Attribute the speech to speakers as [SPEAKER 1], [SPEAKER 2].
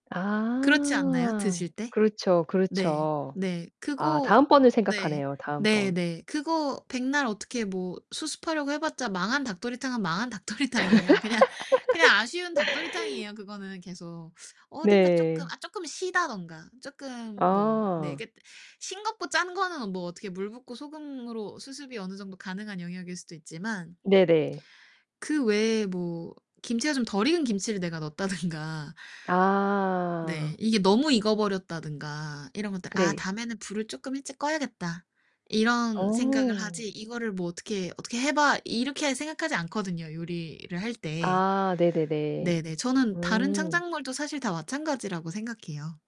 [SPEAKER 1] 그렇지 않나요?
[SPEAKER 2] 아.
[SPEAKER 1] 드실 때?
[SPEAKER 2] 그렇죠,
[SPEAKER 1] 네.
[SPEAKER 2] 그렇죠.
[SPEAKER 1] 네.
[SPEAKER 2] 아,
[SPEAKER 1] 그거
[SPEAKER 2] 다음 번을
[SPEAKER 1] 네.
[SPEAKER 2] 생각하네요, 다음 번.
[SPEAKER 1] 네네. 그거 백날 어떻게 뭐 수습하려고 해 봤자 망한 닭도리탕은 망한 닭도리탕이에요. 그냥 그냥 아쉬운 닭도리탕이에요, 그거는 계속. 어딘가 쪼끔
[SPEAKER 2] 네.
[SPEAKER 1] 아 쪼끔 시다든가 쪼끔 뭐 네,
[SPEAKER 2] 아.
[SPEAKER 1] 그게 싱겁고 짠 거는 어 뭐 어떻게 물 붓고 소금으로 수습이 어느 정도 가능한 영역일 수도 있지만
[SPEAKER 2] 네네.
[SPEAKER 1] 그 외에 뭐 김치가 좀 덜 익은 김치를 내가 넣었다든가 네.
[SPEAKER 2] 아.
[SPEAKER 1] 이게 너무 익어버렸다든가 이런 것들. '아
[SPEAKER 2] 네.
[SPEAKER 1] 다음에는 불을 쪼끔 일찍 꺼야겠다.' 이런 생각을
[SPEAKER 2] 어.
[SPEAKER 1] 하지 이거를 뭐 어떻게, '어떻게 해 봐.' 이렇게 생각하지 않거든요, 요리를 할 때.
[SPEAKER 2] 아, 네네네.
[SPEAKER 1] 네네. 저는 다른
[SPEAKER 2] 음.
[SPEAKER 1] 창작물도 사실 다 마찬가지라고 생각해요.